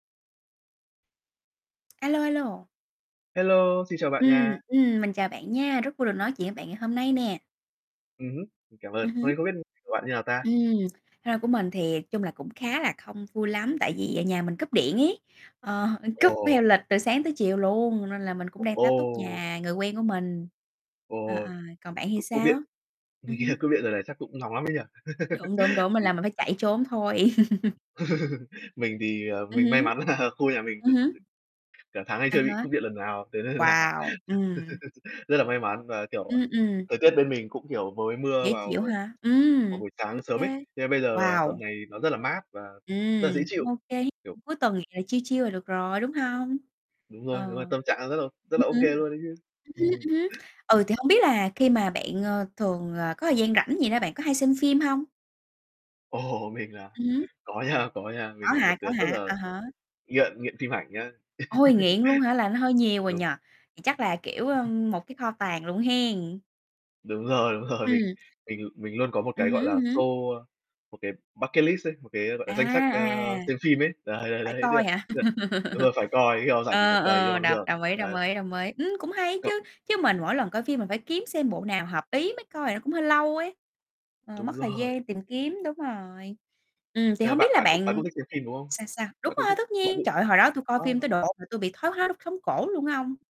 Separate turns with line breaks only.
A lô, a lô.
Hello, xin chào bạn
Ừm,
nha.
ừm, mình chào bạn nha, rất vui được nói chuyện với bạn ngày hôm nay nè.
Ừ hứ, mình cảm ơn.
Ừm
Hôm
hứm.
nay không biết [unintelligible] của bạn như nào ta?
Ừm. [unintelligible] Của mình thì chung là cũng khá là không vui lắm, tại vì, à, nhà mình cúp điện ấy, ờ, cúp theo
Ồ.
lịch từ sáng tới chiều luôn, nên là mình cũng đang tá túc
Ồ.
nhà người quen của mình.
Ồ,
À, à, còn bạn
c
thì
cúp điện.
sao? Ừm hứm.
Cúp điện giờ này chắc cũng nóng lắm ấy nhỉ?
Đúng, đúng, đúng, mình
Thì
là mình phải chạy trốn thôi.
Mình thì, ờ,
Ừ
mình may
hứ.
mắn là khu nhà mình
Ừ hứ.
[unintelligible] cả tháng hay
À
chưa bị
há.
cúp điện lần nào. Thế nên là
Wow, ừm.
rất là may mắn và, kiểu,
Ừ, ừm.
thời tiết bên mình cũng, kiểu, mới mưa
Dễ
vào
chịu hả? Ừ,
vào buổi
ô
sáng sớm ấy.
kê,
Cho nên bây giờ tầm
wow!
này nó rất là mát và rất là dễ
Ừm,
chịu.
cũng ô kê,
Kiểu
cuối tuần thì là chill chill là được rồi, đúng hông?
Đúng rồi,
Ờ.
đúng rồi, tâm trạng đang rất là rất là ô kê
[unintelligible]
luôn ấy chứ.
ừ hứ,
Ừm.
ừ hứ. Ừ, thì hông biết là khi mà bạn, ơ, thường, ờ, có thời gian rảnh gì đó bạn có hay xem phim hông?
Ồ, mình là
Ừ hứ.
có nha, có nha,
Có
mình là một
hả,
đứa
có
rất
hả?
là
À há.
nghiện nghiện phim ảnh nhá.
Ôi, nghiện luôn hả, là nó hơi nhiều rồi
Đúng.
nhỉ? Thì chắc là, kiểu, ơ, một cái kho tàng luôn hen.
Đúng rồi, đúng rồi. Mình
Ừm.
mình mình luôn có một
Ừ
cái,
hứ,
gọi
ừ
là,
hứ.
xô ơ, một cái bucket list ấy, một cái, gọi
À,
là, danh sách, ơ,
à, à.
xem phim ấy. Đấy, đấy,
Phải
đấy. Tức
coi
là
hả?
tức là đúng rồi, phải coi, khi nào rảnh thì phải
Ờ,
cày
ờ,
cho bằng
đồng
được.
đồng ý, đồng
Đấy.
ý, đồng ý. Ưm, cũng hay chứ,
Cộng
chứ mình mỗi lần coi phim mình phải kiếm xem bộ nào hợp ý mới coi nó cũng hơi lâu ấy. Ờ, mất
Đúng
thời
rồi.
gian tìm kiếm, đúng rồi. Ừm, thì
Ờ,
hông biết
bạn
là
bạn cũng bạn
bạn
cũng thích xem phim, đúng không?
sao, sao? Đúng
Bạn cũng
rồi,
thích
tất
bạn
nhiên!
cũng
Trời
thích
ơi, hồi đó tui coi phim
ờ.
tới độ mà tôi bị thoái hóa đốt sống cổ luôn á ông.